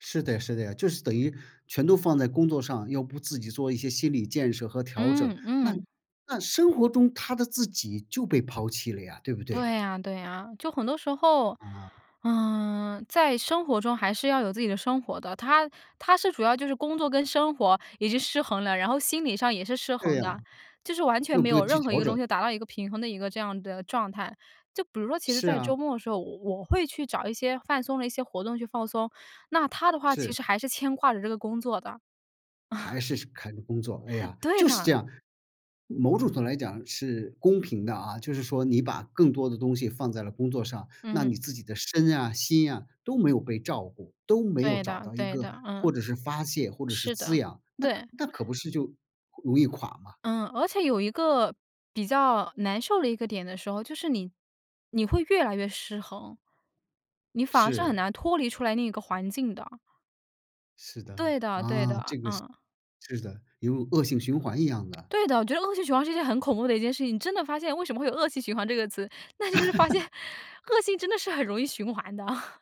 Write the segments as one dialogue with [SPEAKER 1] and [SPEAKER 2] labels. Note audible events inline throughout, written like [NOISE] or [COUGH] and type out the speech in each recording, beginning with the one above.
[SPEAKER 1] 是的是的，就是等于全都放在工作上，要不自己做一些心理建设和调整，
[SPEAKER 2] 嗯
[SPEAKER 1] 那
[SPEAKER 2] 嗯。
[SPEAKER 1] 那生活中他的自己就被抛弃了呀，对不对？
[SPEAKER 2] 对啊对啊，就很多时候，
[SPEAKER 1] 啊。
[SPEAKER 2] 呃，在生活中还是要有自己的生活的，他他是主要就是工作跟生活已经失衡了，然后心理上也是失衡
[SPEAKER 1] 对啊。
[SPEAKER 2] 的，就是完全
[SPEAKER 1] 又
[SPEAKER 2] 没
[SPEAKER 1] 不
[SPEAKER 2] 有
[SPEAKER 1] 用去
[SPEAKER 2] 任何一
[SPEAKER 1] 调
[SPEAKER 2] 个
[SPEAKER 1] 整。
[SPEAKER 2] 东西达到一个平衡的一个这样的状态。就比如说其实
[SPEAKER 1] 是
[SPEAKER 2] 在周
[SPEAKER 1] 啊。
[SPEAKER 2] 末的时候，我我会去找一些放松的一些活动去放松，那他的话其
[SPEAKER 1] 是。
[SPEAKER 2] 实还是牵挂着这个工作的。
[SPEAKER 1] 还
[SPEAKER 2] [CHUCKLES]
[SPEAKER 1] 是是看工作，哎
[SPEAKER 2] [CHUCKLES]
[SPEAKER 1] 呀，
[SPEAKER 2] 对
[SPEAKER 1] 就是这
[SPEAKER 2] 的。
[SPEAKER 1] 样。某种程度来讲是公平的啊，就是说你把更多的东西放在了工作上，那
[SPEAKER 2] 嗯。
[SPEAKER 1] 你自己的身啊、心啊，都没有被照顾，都没有
[SPEAKER 2] 对
[SPEAKER 1] 找
[SPEAKER 2] 的
[SPEAKER 1] 到一
[SPEAKER 2] 对
[SPEAKER 1] 个
[SPEAKER 2] 的，
[SPEAKER 1] 或
[SPEAKER 2] 嗯。
[SPEAKER 1] 者是发泄或者是
[SPEAKER 2] 是
[SPEAKER 1] 滋
[SPEAKER 2] 的，
[SPEAKER 1] 养，那
[SPEAKER 2] 对。
[SPEAKER 1] 那可不是就容易垮吗？
[SPEAKER 2] 嗯，而且有一个比较难受的一个点的时候，就是你你会越来越失衡。你反而是很
[SPEAKER 1] 是。
[SPEAKER 2] 难脱离出来那个环境的。
[SPEAKER 1] 是的，
[SPEAKER 2] 对的对
[SPEAKER 1] 啊，
[SPEAKER 2] 的，
[SPEAKER 1] 这个是
[SPEAKER 2] 嗯。
[SPEAKER 1] 是的，比如恶性循环一样的。
[SPEAKER 2] 对的，我觉得恶性循环是一件很恐怖的一件事情，你真的发现为什么会有恶性循环这个词，那就是发现
[SPEAKER 1] [LAUGHS]
[SPEAKER 2] 恶性真的是很容易循环的。[CHUCKLES]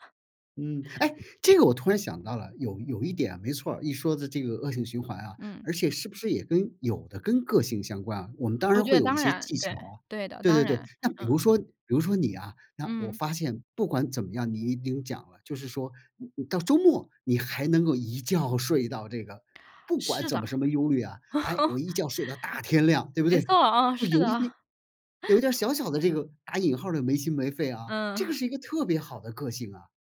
[SPEAKER 1] 嗯，哎，这个我突然想到了，有有一点没错儿，一说的这个恶性循环啊，
[SPEAKER 2] 嗯。
[SPEAKER 1] 而且是不是也跟有的跟个性相关啊。我们当
[SPEAKER 2] 我
[SPEAKER 1] 然
[SPEAKER 2] 觉
[SPEAKER 1] 会
[SPEAKER 2] 得
[SPEAKER 1] 有一
[SPEAKER 2] 当
[SPEAKER 1] 些
[SPEAKER 2] 然，
[SPEAKER 1] 技巧
[SPEAKER 2] 对
[SPEAKER 1] 啊，
[SPEAKER 2] 对的，
[SPEAKER 1] 对
[SPEAKER 2] 当
[SPEAKER 1] 对对，
[SPEAKER 2] 然，
[SPEAKER 1] 那比
[SPEAKER 2] 嗯。
[SPEAKER 1] 如说比如说你啊，那我
[SPEAKER 2] 嗯。
[SPEAKER 1] 发现不管怎么样你有讲了，就是说你你到周末你还能够一觉睡到这个不管
[SPEAKER 2] 是的。
[SPEAKER 1] 怎么什
[SPEAKER 2] [CHUCKLES]
[SPEAKER 1] 么忧虑啊，哎，我一觉睡到大天亮对不
[SPEAKER 2] 没
[SPEAKER 1] 对？
[SPEAKER 2] 错，啊，
[SPEAKER 1] 就
[SPEAKER 2] 是
[SPEAKER 1] 有一
[SPEAKER 2] 的。
[SPEAKER 1] 点有一点儿
[SPEAKER 2] [CHUCKLES]
[SPEAKER 1] 小小的这个打引号儿的没心没肺啊，
[SPEAKER 2] 嗯。
[SPEAKER 1] 这个
[SPEAKER 2] [CHUCKLES]
[SPEAKER 1] 是一个特别好的个性啊。